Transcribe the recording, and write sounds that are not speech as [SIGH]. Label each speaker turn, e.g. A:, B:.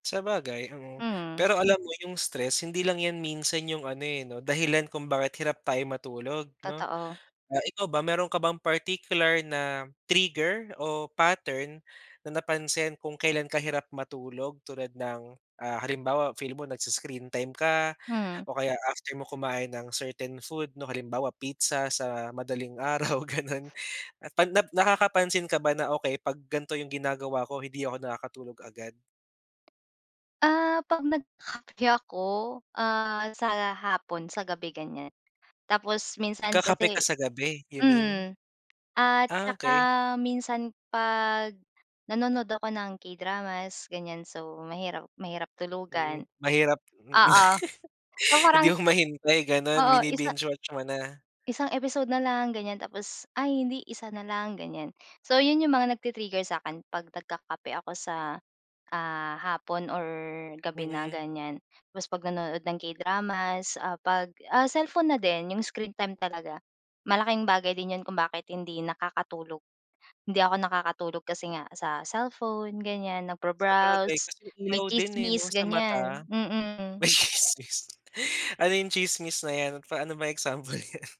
A: Sabagay, mm.
B: Hmm.
A: Pero alam mo yung stress hindi lang yan minsan yung ano, eh, 'no dahilan kung bakit hirap tayo matulog, 'no?
B: Totoo.
A: Ah, ikaw ba meron ka bang particular na trigger, o pattern na napansin kung kailan ka hirap matulog, tulad ng, ah, halimbawa feel mo nag-i-screen time ka,
B: Hmm.
A: o kaya after mo kumain ng certain food 'no, halimbawa pizza sa madaling araw ganun, 'pag nakakapansin ka ba na, "Okey 'pag gan'to yung ginagawa ko hindi ako nakakatulog kaagad."
B: Ah, 'pag nagkakape ako, ah, sa hapon, sa gabi, ganiyan, tapos minsan
A: Nagkakape ka
B: kasi
A: sa gabi you mean?
B: hmm, at
A: Ah,
B: saka
A: okey.
B: minsan 'pag nanonood ako ng K-dramas, ganiyan so mahirap mahirap
A: Hmm,
B: tulugan
A: mahirap
B: oo so
A: [LAUGHS] hindi
B: parang
A: mo mahintay ganun
B: oo 1
A: bini-binge watch mo na?
B: isang episode na lang, ganiyan tapos ay hindi, 1 na lang ganiyan, so 'yon 'yong mga nagti-trigger sa'kin 'pag nagkakape ako sa, ah, hapon, or gabi na
A: Mm.
B: ganiyan, tapos 'pag nanonood ng K-dramas, ah, 'pag ah, cellphone na din 'yong screen time talaga, malaking bagay din 'yon kung bakit hindi nakakatulog, hindi ako nakakatulog kasi nga sa cellphone, ganiyan
A: Sabagay
B: nagbro-browse
A: kasi yung
B: may
A: ilaw din, eh, 'no
B: tsimis,
A: sa mata,
B: ganiyan, mm.
A: may tsismis ano yung tsismis na yan paano ba example niyan?